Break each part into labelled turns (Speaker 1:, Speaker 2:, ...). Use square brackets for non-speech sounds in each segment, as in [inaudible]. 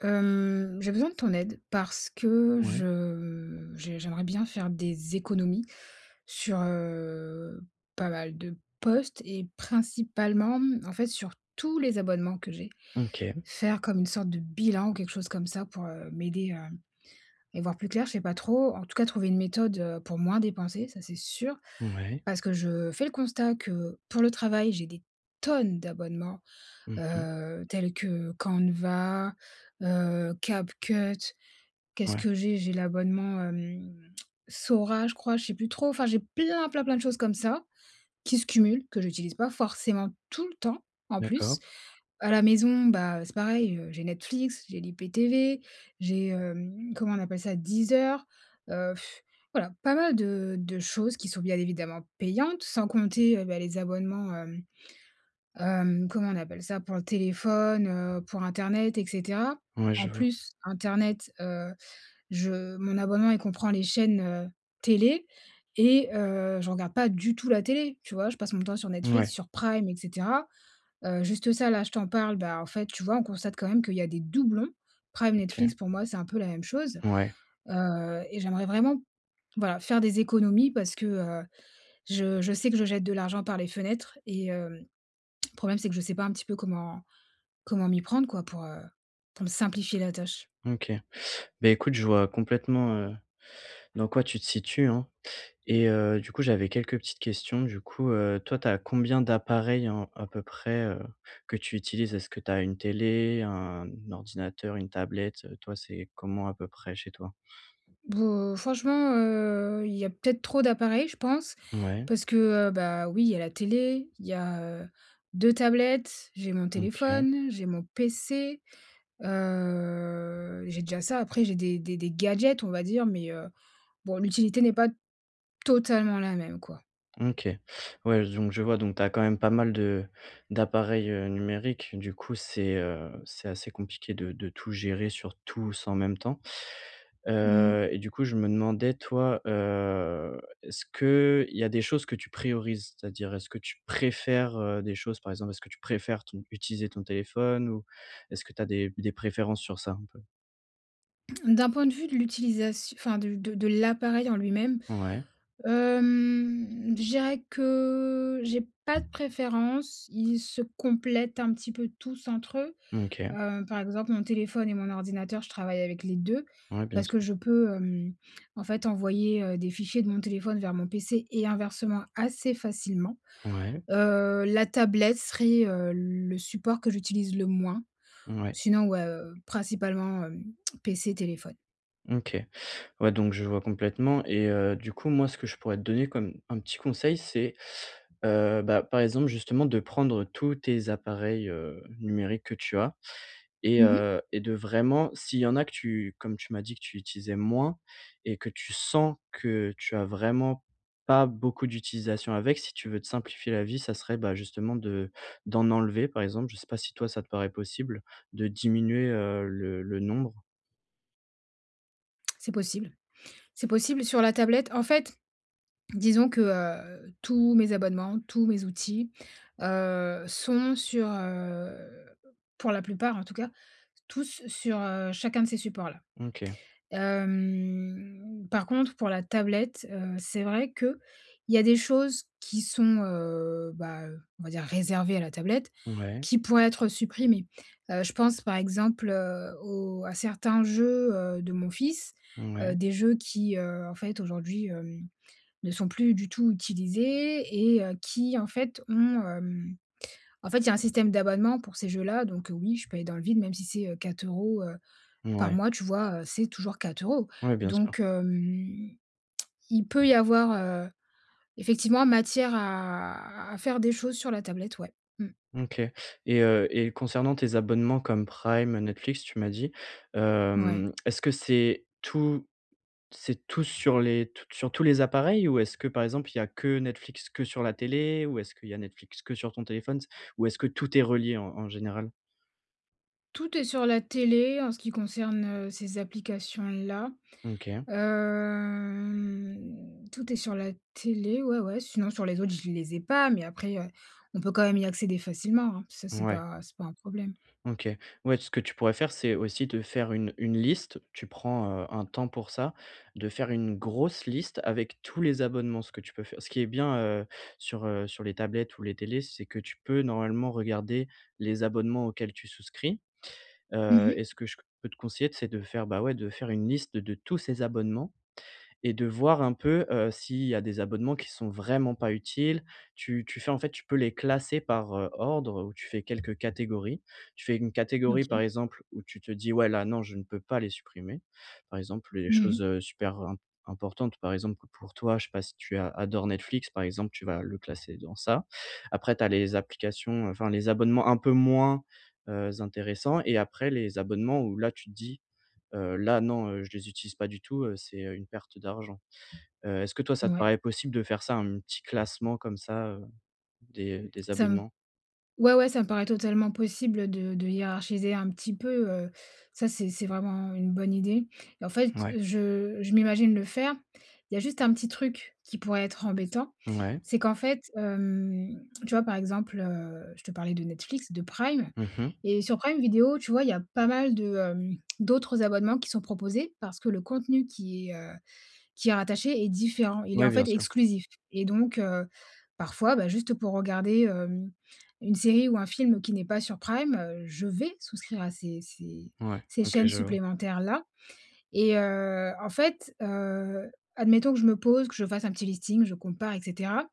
Speaker 1: Hem, j'ai besoin de ton aide, parce que
Speaker 2: Ouais.
Speaker 1: je j'ai j'aimerais bien faire des économies sur, heu, pas mal de postes et principalement, mmh, en fait, sur tous les abonnements que j'ai.
Speaker 2: OK.
Speaker 1: Faire comme une sorte de bilan ou quelque chose comme ça pour, heu, m'aider à y voir plus clair, je sais pas trop. En tout cas, trouver une méthode, heu, pour moins dépenser, ça c'est sûr.
Speaker 2: Mouais.
Speaker 1: Parce que je fais le constat que pour le travail, j'ai des tonnes d'abonnements,
Speaker 2: Mmh mh.
Speaker 1: heu, tels que Canva, heu, Capcut, qu'est-ce
Speaker 2: Ouais.
Speaker 1: que j'ai? J'ai l'abonnement, hum, Sora, je crois. Je sais plus trop, enfin j'ai plein, plein, plein de choses comme ça, qui se cumulent, que j'utilise pas forcément tout le temps, en plus.
Speaker 2: D'accord.
Speaker 1: À la maison, bah, heu, c'est pareil, heu, j'ai Netflix, j'ai l'IPTV, j'ai, hem, comment on appelle ça? Deezer, heu,, [exhales] voilà! Pas mal de de choses qui sont, bien évidemment, payantes. Sans compter, heu, bah, les abonnements, hem, hem, comment on appelle ça? Pour le téléphone, heu, pour internet et cetera.
Speaker 2: Ouais, je
Speaker 1: En
Speaker 2: vois.
Speaker 1: plus internet, heu, je mon abonnement il comprend les chaînes, heu, télé et heu, je regarde pas du tout la télé, tu vois? Je passe mon temps sur Netflix,
Speaker 2: Ouais.
Speaker 1: sur Prime et cetera. Heu, juste ça là je t'en parle, bah, en fait, tu vois, on constate quand même qu'il y a des doublons. Prime, Netflix,
Speaker 2: OK.
Speaker 1: pour moi c'est un peu la même chose.
Speaker 2: Ouais.
Speaker 1: Heu et j'aimerais vraiment, voilà, faire des économies parce que, heu, je je sais que je jette de l'argent par les fenêtres. Et hem, le problème, c'est que je sais pas un petit peu comment comment m'y prendre, quoi, pour heu, pour me simplifier la tâche.
Speaker 2: OK. Bah écoute, je vois complètement, heu, dans quoi tu te situes, hein. Et heu, du coup, j'avais quelques petites questions. Du coup, heu, toi tu as combien d'appareils en à peu près, heu, que tu utilises? Est-ce que tu as une télé, un ordinateur, une tablette, heu? Toi c'est comment, à peu près, chez toi?
Speaker 1: Boh, franchement, heu, il y a peut-être trop d'appareils, je pense.
Speaker 2: Ouais.
Speaker 1: Parce que, heu, bah, oui, il y a la télé, il y a, heu, 2 tablettes, j'ai mon
Speaker 2: OK.
Speaker 1: téléphone, j'ai mon PC. Heu, j'ai déjà ça. Après j'ai des des des gadgets, on va dire, mais, heu, bon l'utilité n'est pas totalement la même, quoi.
Speaker 2: OK. Ouais j donc je vois, donc tu as quand même pas mal de d'appareils, heu, numériques, du coup c'est, heu, c'est assez compliqué de de tout gérer, sur tous en même temps.
Speaker 1: Mmh.
Speaker 2: Heu et du coup je me demandais toi, heu, est-ce qu'il y a des choses que tu priorises? C'est-à-dire, est-ce que tu préfères, heu, des choses, par exemple, est-ce que tu préfères ton utiliser ton téléphone? Ou, est-ce que tu as des des préférences sur ça, un peu?
Speaker 1: D'un point de vue de l'utilisat enfin de de l'appareil en lui-même.
Speaker 2: Ouais.
Speaker 1: Hem, je dirais que j'ai pas de préférence, ils se complètent, un petit peu, tous entre eux.
Speaker 2: OK.
Speaker 1: Heu, par exemple mon téléphone et mon ordinateur, je travaille avec les 2
Speaker 2: Ouais, bien
Speaker 1: parce que
Speaker 2: sûr.
Speaker 1: je peux, hem, en fait, envoyer, heu, des fichiers de mon téléphone vers mon PC et inversement, assez facilement.
Speaker 2: Ouais.
Speaker 1: Heu, la tablette serait, heu, le support que j'utilise le moins.
Speaker 2: Ouais.
Speaker 1: Sinon, ouais, heu, principalement, hem, PC, téléphone.
Speaker 2: OK, ouais, donc je vois complètement. Et heu, du coup, moi ce que je pourrais te donner comme, un petit conseil c'est, heu, bah, par exemple, justement de prendre tous tes appareils, heu, numériques que tu as et
Speaker 1: Mmh mh.
Speaker 2: heu, et de vraiment, s'il y en a que tu, comme tu m'as dit que tu utilisais moins, et que tu sens que tu as vraiment pas beaucoup d'utilisation avec, si tu veux te simplifier la vie, ça serait, bah, justement, de d'en enlever, par exemple, je sais pas si toi ça te paraît possible, de diminuer, heu, le le nombre?
Speaker 1: [clicks tongue] C'est possible. C'est possible, sur la tablette. En fait, disons que heu, tous mes abonnements, tous mes outils heu, sont sur heu pour la plupart en tout cas. Tous sur heu, chacun de ces supports là.
Speaker 2: OK.
Speaker 1: Hem, par contre pour la tablette, heu, c'est vrai qu'il y a des choses qui sont heu, bah, heu, on va dire, réservées à la tablette
Speaker 2: Ouais.
Speaker 1: qui pourraient être supprimées. Heu, je pense par exemple heu, au à certains jeux, heu, de mon fils, heu,
Speaker 2: Ouais.
Speaker 1: des jeux qui, heu, en fait aujourd'hui, hem, ne sont plus du tout utilisés et heu, qui en fait, ont, hem, en fait, il y a un système d'abonnement pour ces jeux là, donc heu, oui, je paye dans le vide même si c'est heu, 4 euros, heu, par
Speaker 2: Ouais.
Speaker 1: mois. Tu vois? Heu, c'est toujours 4 euros.
Speaker 2: Ouais, bien sûr.
Speaker 1: Donc, hem, [clicks tongue] il peut y avoir heu, effectivement, matière à à faire des choses sur la tablette ouais. Mmh.
Speaker 2: OK, et heu, et concernant tes abonnements comme Prime, Netflix, tu m'as dit.
Speaker 1: Ouais.
Speaker 2: Hem, [clicks tongue] est-ce que c'est tout, c'est tous sur les tous t sur tous les appareils? Ou est-ce que, par exemple, il y a que Netflix que sur la télé? Ou est-ce qu'il y a Netflix que sur ton téléphone s ou est-ce que tout est relié en en général?
Speaker 1: Tout est sur la télé en ce qui concerne, heu, ces applications-là.
Speaker 2: M OK.
Speaker 1: Hem, tout est sur la télé. Ouais, ouais. Sinon sur les autres, je les ai pas mais après, heu, on peut quand même y accéder facilement, hein, ça c'est
Speaker 2: Mouais.
Speaker 1: pas c'est pas un problème.
Speaker 2: OK. Ouais tout ce que tu pourrais faire c'est aussi te faire une une liste, tu prends, heu, un temps pour ça, de faire une grosse liste avec tous les abonnements. Ce que tu peux fai ce qui est bien, heu, sur heu sur les tablettes ou les télés c'est que tu peux normalement regarder les abonnements auxquels tu souscris.
Speaker 1: Mmh
Speaker 2: Heu
Speaker 1: mh.
Speaker 2: et ce que je q peux te conseiller c'est de faire, bah, ouais de faire une liste de tous ces abonnements et de voir un peu, heu, s'il y a des abonnements qui sont vraiment pas utiles, tu tu fais en fait tu peux les classer par ordre ou tu fais quelques catégories. Tu fais une catégorie par
Speaker 1: OK.
Speaker 2: exemple où tu te dis: «Ouais là non je ne peux pas les supprimer.» Par exemple, les
Speaker 1: Mmh mh.
Speaker 2: choses, heu, super imp importantes. Par exemple, pour toi, je sais pas si tu a adores Netflix par exemple, tu vas le classer dans ça. Après tu as les applications, enfin les abonnements un peu moins, heu, intéressants, et après les abonnements où là tu te dis: «Heu, là non. Heu, je les utilise pas du tout, heu, c'est, heu, une perte d'argent.» Heu, est-ce que toi ça te
Speaker 1: Mouais.
Speaker 2: paraît possible de faire ça, un petit classement comme ça heu, des des
Speaker 1: Ça me
Speaker 2: abonnements?
Speaker 1: ouais, ouais ça me paraît totalement possible, heu, de de hiérarchiser un petit peu, heu, ça c'est c'est vraiment une bonne idée. Et en fait
Speaker 2: Mouais.
Speaker 1: je je m'imagine le faire, il y a juste un petit truc qui pourrait être embêtant,
Speaker 2: Mouais?
Speaker 1: c'est qu'en fait, hem, [clicks tongue] tu vois par exemple, heu, je te parlais de Netflix, de Prime.
Speaker 2: Mmh mh.
Speaker 1: Et sur Prime Video tu vois il y a pas mal de hem, [clicks tongue] d'autres abonnements qui sont proposés, parce que le contenu qui est heu qui est rattaché est différent, il est
Speaker 2: Ouais,
Speaker 1: en
Speaker 2: bien
Speaker 1: fait
Speaker 2: sûr.
Speaker 1: exclusif. Et donc, heu, parfois, bah, juste pour regarder, hem, une série ou un film qui n'est pas sur prime, heu, je vais souscrire à ces ces
Speaker 2: Ouais
Speaker 1: ces
Speaker 2: OK
Speaker 1: chaînes
Speaker 2: je vois.
Speaker 1: supplémentaires là. Et heu, en fait, heu, admettons que je me pose que je fasse un petit listing je compare et cetera,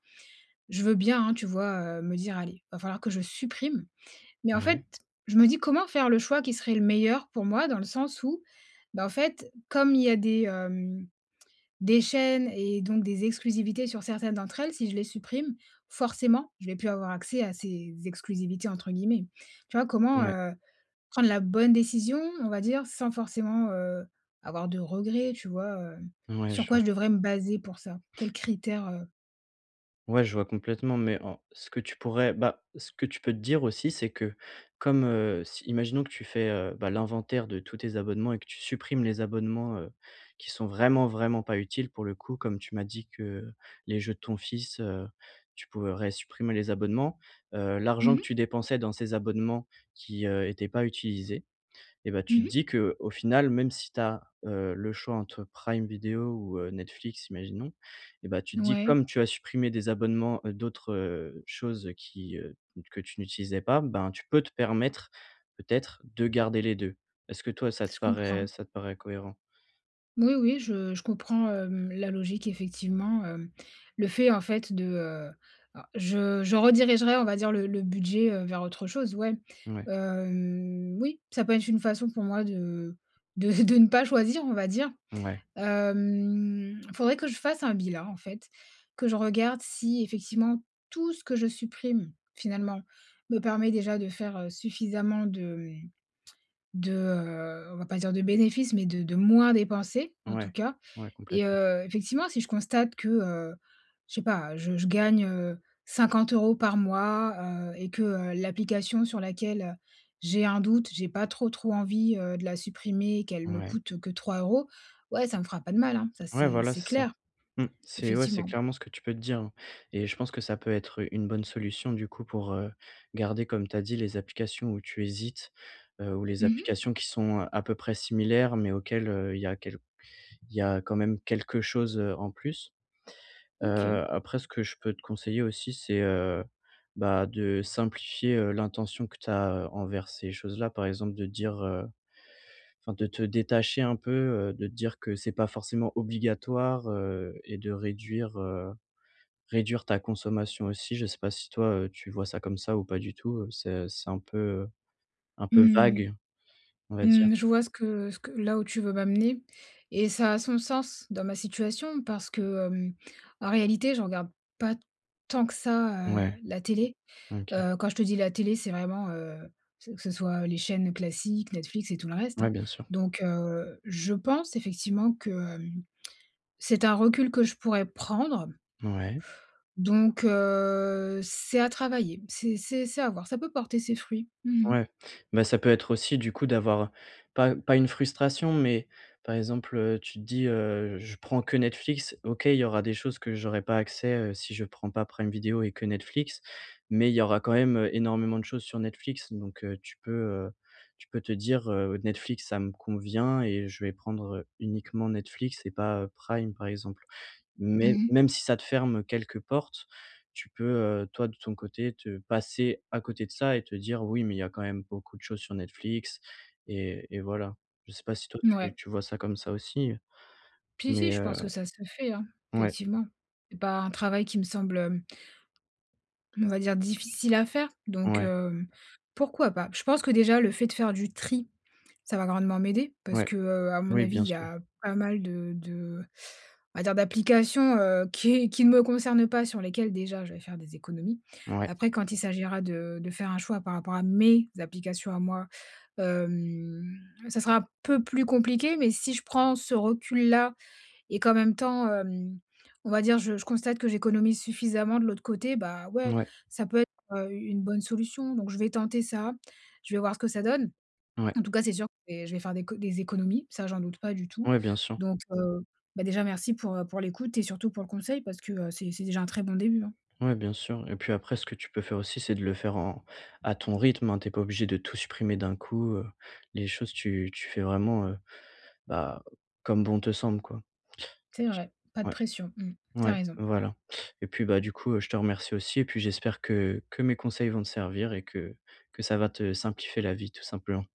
Speaker 1: je veux bien, hein, tu vois, heu, me dire: «Allez, va falloir que je supprime.» Mais en fait,
Speaker 2: Mouais.
Speaker 1: je me dis: «Comment faire le choix qui serait le meilleur pour moi?» dans le sens où bah, en fait comme il y a des, hem, des chaînes et donc des exclusivités sur certaines d'entre elles si je les supprime forcément je vais plus avoir accès à ces exclusivités entre guillemets. Tu vois? Comment,
Speaker 2: Ouais.
Speaker 1: heu, prendre la bonne décision on va dire sans forcément, heu, avoir de regrets? Tu vois? Heu,
Speaker 2: Mouais
Speaker 1: sur
Speaker 2: je
Speaker 1: quoi
Speaker 2: vois.
Speaker 1: je devrais me baser pour ça, quels critères, heu?
Speaker 2: Ouais je vois complètement mais en, ce que tu pourrais, bah, ce que tu peux te dire aussi c'est que comme, heu, si imaginons que tu fais, heu, bah, l'inventaire de tous tes abonnements et que tu supprimes les abonnements, heu, qui sont vraiment, vraiment pas utiles pour le coup, comme tu m'as dit que les jeux de ton fils, heu, tu pourrais supprimer les abonnements. Heu,
Speaker 1: Mmh
Speaker 2: l'argent que
Speaker 1: mh.
Speaker 2: tu dépensais dans ces abonnements qui, heu, étaient pas utilisés et bah, tu te
Speaker 1: Mmh mh.
Speaker 2: dis que: «Au final même si tu as heu, le choix entre Prime Video ou heu, Netflix.» imaginons, et bah, tu
Speaker 1: N
Speaker 2: dis:
Speaker 1: ouais.
Speaker 2: «Comme tu as supprimé des abonnements, heu, d'autres, heu, choses qui, heu, q que tu n'utilisais pas, ben, tu peux te permettre peut-être de garder les 2.» Est-ce que toi ça te
Speaker 1: Se
Speaker 2: paraît
Speaker 1: comprends.
Speaker 2: ça te paraît cohérent?
Speaker 1: Moui, oui je je comprends, hem, la logique effectivement, hem. Le fait en fait de heu alors je je redirigerais on va dire le le budget, heu, vers autre chose ouais.
Speaker 2: Mouais.
Speaker 1: Hem, oui ça peut être une façon pour moi de de v de ne pas choisir on va dire.
Speaker 2: Mouais.
Speaker 1: Hem, faudrait que je fasse un bilan en fait, que je regarde si effectivement tout ce que je supprime finalement me permet déjà de faire, heu, suffisamment de hem, [clicks tongue] de heu, on va pas dire de bénéfices mais de de moins dépenser en tout
Speaker 2: Ouais.
Speaker 1: cas.
Speaker 2: Ouais
Speaker 1: Et
Speaker 2: complètement.
Speaker 1: heu, effectivement si je constate que, heu, je sais pas, je je gagne, heu, 50 euros par mois, heu, et que, heu, l'application sur laquelle j'ai un doute, j'ai pas trop, trop envie, heu, de la supprimer, qu'elle me
Speaker 2: Ouais.
Speaker 1: coûte que 3 euros ouais ça me fera pas de mal, hein, ça
Speaker 2: Ouais
Speaker 1: c'est
Speaker 2: voilà
Speaker 1: c'est
Speaker 2: c'est ça.
Speaker 1: clair,
Speaker 2: Mmh. C'est ouais c'est
Speaker 1: effectivement.
Speaker 2: clairement ce que tu peux te dire, hein. Et je pense que ça peut être, heu, une bonne solution du coup pour, heu, garder comme tu as dit les applications où tu hésites, heu, ou les
Speaker 1: Mmh mh.
Speaker 2: applications qui sont à peu près similaires mais auxquelles, heu, il y a quel il y a quand même quelque chose, heu, en plus.
Speaker 1: M
Speaker 2: Heu,
Speaker 1: OK.
Speaker 2: après ce que je peux te conseiller aussi c'est, heu, bah, de simplifier, heu, l'intention que tu as heu, envers ces choses là, par exemple de dire, heu enfin de te détacher un peu, heu, de te dire que c'est pas forcément obligatoire, heu, et de réduire, heu réduire ta consommation aussi je sais pas si toi, heu, tu vois ça comme ça ou pas du tout, heu, c'est c'est un peu, heu, un peu
Speaker 1: Mmh,
Speaker 2: vague on va dire.
Speaker 1: mmh. Je vois ce que ce que là où tu veux m'amener et ça a son sens dans ma situation parce que, hem, en réalité je regarde pas tant que ça heu,
Speaker 2: Ouais,
Speaker 1: la télé.
Speaker 2: m OK.
Speaker 1: Heu, quand je te dis la télé c'est vraiment, heu, ce que ce soit, heu, les chaînes classiques, Netflix et tout le reste,
Speaker 2: Ouais,
Speaker 1: hein.
Speaker 2: bien sûr.
Speaker 1: Donc, heu, je pense effectivement que, hem, [clicks tongue] c'est un recul que je pourrais prendre.
Speaker 2: Mouais.
Speaker 1: Donc, heu, c'est à travailler, c'est c'est c'est à voir, ça peut porter ses fruits. Mmh mh.
Speaker 2: Ouais, mais ça peut être aussi du coup d'avoir pas pas une frustration, mais par exemple, heu, tu te dis, heu: «Je prends que Netflix, OK il y aura des choses que j'aurais pas accès, heu, si je prends pas Prime Video et que Netflix, mais il y aura quand même, heu, énormément de choses sur Netflix.» donc, heu, tu peux, heu tu peux te dire: «Heu, Netflix ça me convient et je vais prendre, heu, uniquement Netflix et pas, heu, Prime.» par exemple,
Speaker 1: Mmh
Speaker 2: mais,
Speaker 1: mh.
Speaker 2: même si ça te ferme quelques portes, tu peux, heu, toi de ton côté te passer à côté de ça et te dire: «Oui mais il y a quand même beaucoup de choses sur Netflix» et et voilà. Je sais pas si toi
Speaker 1: N
Speaker 2: tu
Speaker 1: ouais.
Speaker 2: tu vois ça comme ça aussi, heu,
Speaker 1: Puis
Speaker 2: mais,
Speaker 1: si, je
Speaker 2: heu
Speaker 1: pense que ça se fait, hein.
Speaker 2: ouais.
Speaker 1: Effectivement. C'est pas un travail qui me semble, hem on va dire difficile à faire donc,
Speaker 2: Ouais.
Speaker 1: hem, pourquoi pas. Je pense que déjà le fait de faire du tri, ça va grandement m'aider. Parce
Speaker 2: Ouais,
Speaker 1: que, heu, à mon
Speaker 2: oui
Speaker 1: avis
Speaker 2: bien
Speaker 1: il y
Speaker 2: sûr.
Speaker 1: a pas mal de de on va dire d'applications, heu, qui est qui ne me concernent pas, sur lesquelles déjà je vais faire des économies.
Speaker 2: Ouais.
Speaker 1: Après, quand il s'agira de de faire un choix par rapport à mes applications à moi, hem, ça sera peu plus compliqué, mais si je prends ce recul là et qu'en même temps, hem, on va dire je je constate que j'économise suffisamment de l'autre côté, bah, ouais
Speaker 2: Mouais.
Speaker 1: ça peut être, heu, u une bonne solution. Donc je vais tenter ça, je vais voir ce que ça donne.
Speaker 2: Ouais.
Speaker 1: En tout cas c'est sûr, je vais faire des co des économies, ça j'en doute pas du tout.
Speaker 2: Ouais, bien sûr.
Speaker 1: Donc, heu, bah, déjà merci pour, heu, pour l'écoute et surtout pour le conseil parce que, heu, c'est c'est déjà un très bon début, hein.
Speaker 2: Ouais bien sûr et puis après ce que tu peux faire aussi c'est de le faire en, à ton rythme, hein. Tu es pas obligé de tout supprimer d'un coup heu, les choses, tu tu fais vraiment, heu, bah, comme bon te semble, quoi.
Speaker 1: C'est vrai, pas de
Speaker 2: Ouais.
Speaker 1: pression, hem, tu as
Speaker 2: Ouais
Speaker 1: raison.
Speaker 2: voilà. Et puis, bah, du coup, heu, je te remercie aussi et puis j'espère que que mes conseils vont te servir et que que ça va te simplifier la vie tout simplement.